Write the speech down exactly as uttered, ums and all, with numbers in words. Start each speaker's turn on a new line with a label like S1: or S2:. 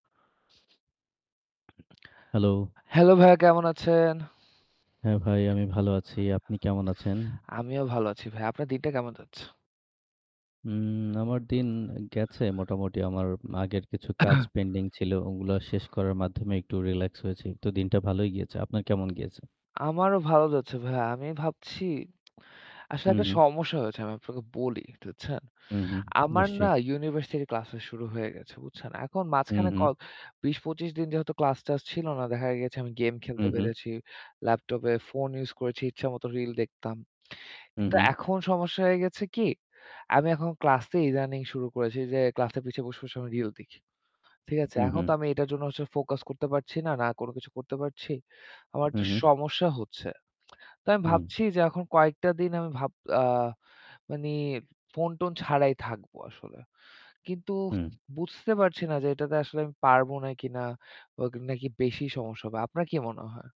S1: Hello.
S2: Hello! ভাইয়া কেমন আছেন?
S1: হ্যাঁ ভাই, আমি ভালো আছি। আপনি কেমন আছেন?
S2: আমিও ভালো আছি ভাই। আপনার দিকটা কেমন যাচ্ছে?
S1: উম আমার দিন গেছে মোটামুটি আমার আগের কিছু কাজ পেন্ডিং ছিল। ওগুলা শেষ করার মাধ্যমে একটু রিল্যাক্স হয়েছি। তো দিনটা ভালোই গিয়েছে। আপনার কেমন গিয়েছে?
S2: আমারও ভালো যাচ্ছে ভাইয়া। আমি ভাবছি, আসলে
S1: হু,
S2: একটা
S1: হু।
S2: সমস্যা হয়েছে। আমি আপনাকে বলি একটু বুঝছেন?
S1: হুম, হুম
S2: আমার না
S1: নিশ্চয়ই।
S2: ইউনিভার্সিটির ক্লাসটা শুরু হয়ে গেছে। বুঝছেন। এখন
S1: হু,
S2: মাঝখানে ক
S1: হু।
S2: বিশ পঁচিশ দিন যেহেতু ক্লাস-টাস ছিল না। দেখা গেছে আমি গেম
S1: হু,
S2: খেলতে
S1: হু।
S2: পেরেছি। ল্যাপটপে ফোন ইউস করেছি। ইচ্ছামতো রিল দেখতাম।
S1: হু,
S2: কিন্তু
S1: হু।
S2: এখন সমস্যা হয়ে গেছে কি? আমি এখন ক্লাসে ইদানিং শুরু করেছি যে ক্লাসের পিছে বসে, বসে আমি রিল দেখি। ঠিক আছে?
S1: হু,
S2: এখন
S1: হু।
S2: তো আমি এটার জন্য হচ্ছে ফোকাস করতে পারছি না। না কোনো কিছু করতে পারছি। আমার
S1: হু,
S2: একটা
S1: হু।
S2: সমস্যা হচ্ছে। তো আমি
S1: হুম।
S2: ভাবছি যে এখন কয়েকটা দিন আমি ভাব আ মানি ফোন-টোন ছাড়াই থাকব আসলে। কিন্তু
S1: হুম।
S2: বুঝতে পারছি না যে, এটাতে আসলে আমি পারবো না কি না। অ নাকি বেশি সমস্যা হবে। আপনার কি মনে হয়?